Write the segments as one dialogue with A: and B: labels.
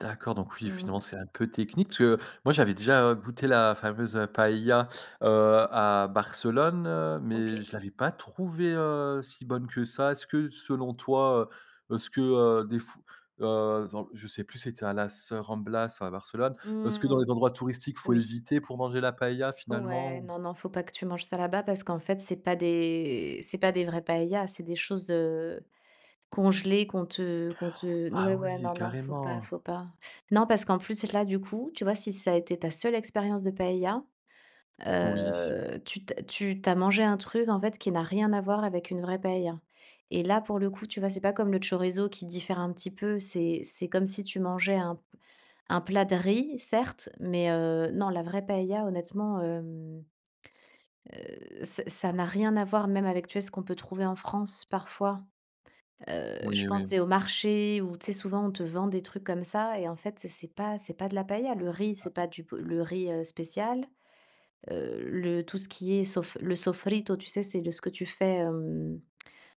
A: D'accord donc oui,
B: Mmh.
A: finalement, c'est un peu technique parce que, moi, j'avais déjà goûté la fameuse, heu, paëlla, heu, à Barcelone, heu, mais
B: OK.
A: je l'avais pas trouvée, heu, si bonne que ça. Est-ce que, selon toi, heu, est-ce que, heu, des f heu, attends, je sais plus c'était à Las, heu, Ramblas ou à Barcelone, est-ce que dans
B: Mmh,
A: les endroits touristiques, il faut
B: oui.
A: éviter pour manger la paëlla finalement,
B: Ouais,
A: ou?
B: non, non, faut pas que tu manges ça là-bas, parce qu'en fait c'est pas des c'est pas des vraies paëllas, c'est des choses, heu, congelées qu'on te qu'on te n
A: Ah
B: ouais ouais,
A: oui,
B: non non, faut pas
A: carrément?
B: faut pas. Non parce qu'en plus là, du coup, tu vois? Si ça a été ta seule expérience de paëlla,
A: Oui.
B: heu, tu tu as tu tu as mangé un truc, en fait, qui n'a rien à voir avec une vraie paëlla et là pour le coup, tu vois? C'est pas comme le chorizo qui diffère un petit peu, c'est c'est comme si tu mangeais un p un plat de riz, certes, mais heu, non, la vraie paëlla, honnêtement, hem, heu, ça ça n'a rien à voir, même avec, tu sais, ce qu'on peut trouver en France parfois. Heu, je
A: Oui,
B: pense, tu
A: oui.
B: es au marché où, tu sais, souvent on te vend des trucs comme ça et en fait, c'est c'est pas c'est pas de la paëlla. Le riz
A: Ah.
B: c'est pas du b le riz, heu, spécial. Heu, le tout ce qui est sof le sofrito, tu sais, c'est de ce que tu fais, hem,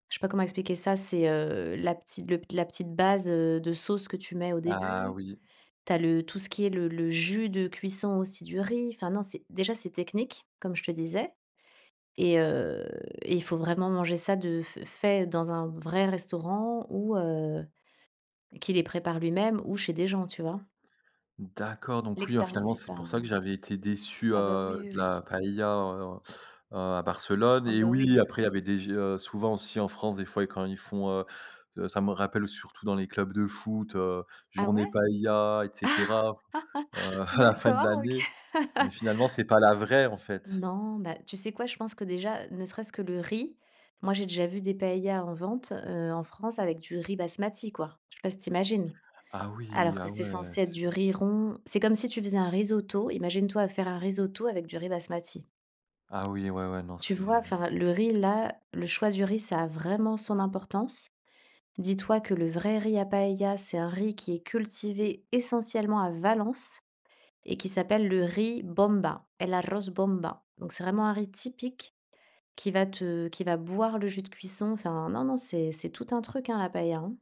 B: je sais pas comment expliquer ça, c'est, heu, la petite le la petite base, heu, de sauce que tu mets au
A: Ah
B: début.
A: oui.
B: Tu as le tout ce qui est le le jus de cuisson, aussi, du riz. Enfin non c'est déjà c'est technique, comme je te disais et heu, et il faut vraiment manger ça de f fait dans un vrai restaurant, ou heu, qui les prépare lui-même, ou chez des gens, tu vois?
A: D'accord donc oui, alors
B: L'expérience
A: finalement,
B: est
A: c'est
B: pas
A: pour ça que j'avais été déçu,
B: ah bah,
A: heu,
B: oui, oui,
A: de
B: oui.
A: la paëlla en heu, à Barcelone,
B: Ah,
A: et
B: bah,
A: oui
B: oui.
A: après il y avait des gé heu, souvent aussi en France, des fois, quand ils font, heu heu, ça me rappelle surtout dans les clubs de foot, heu,
B: Ah
A: journée
B: ouais?
A: paëlla et cetera, heu, à la fin de
B: D'accord, OK.
A: l'année, mais finalement c'est pas la vraie, en fait.
B: Non, bah, tu sais quoi? Je pense que déjà, ne serait-ce que le riz, moi, j'ai déjà vu des paëllas en vente, heu, en France, avec du riz basmati, quoi. Je sais pas si tu imagines?
A: Ah oui,
B: Alors que
A: ah
B: c'est
A: ouais,
B: censé être
A: c'est
B: du riz rond. C'est comme si tu faisais un risotto, imagine-toi faire un risotto avec du riz basmati.
A: Ah oui, ouais, ouais, non,
B: Tu
A: c'est,
B: vois?
A: heu
B: Enfin, le riz-là le choix du riz, ça a vraiment son importance. Dis-toi que le vrai riz à paëlla, c'est un riz qui est cultivé essentiellement à Valence et qui s'appelle le riz bomba, el arroz bomba. Donc c'est vraiment un riz typique, qui va te qui va boire le jus de cuisson enfin, non non, c'est c'est tout un truc, hein, la paëlla, hein.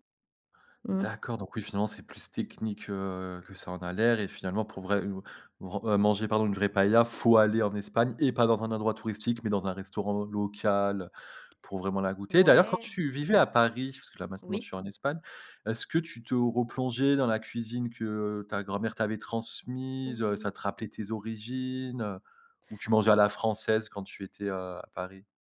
B: Mmh.
A: D'accord donc oui, finalement c'est plus technique, heu, que ça en a l'air et finalement, pour vrai ou vren heu, manger, pardon, une vraie paëlla, faut aller en Espagne et pas dans un endroit touristique mais dans un restaurant local, pour vraiment la goûter. D'ailleurs, quand
B: Ouais.
A: tu vivais à Paris, parce que là maintenant,
B: Oui.
A: tu es en Espagne, est-ce que tu te replongeais dans la cuisine que ta grand-mère t'avait transmise, heu, ça
B: Oui.
A: te rappelait tes origines, heu, ou tu mangeais à la française quand tu étais, heu, à Paris?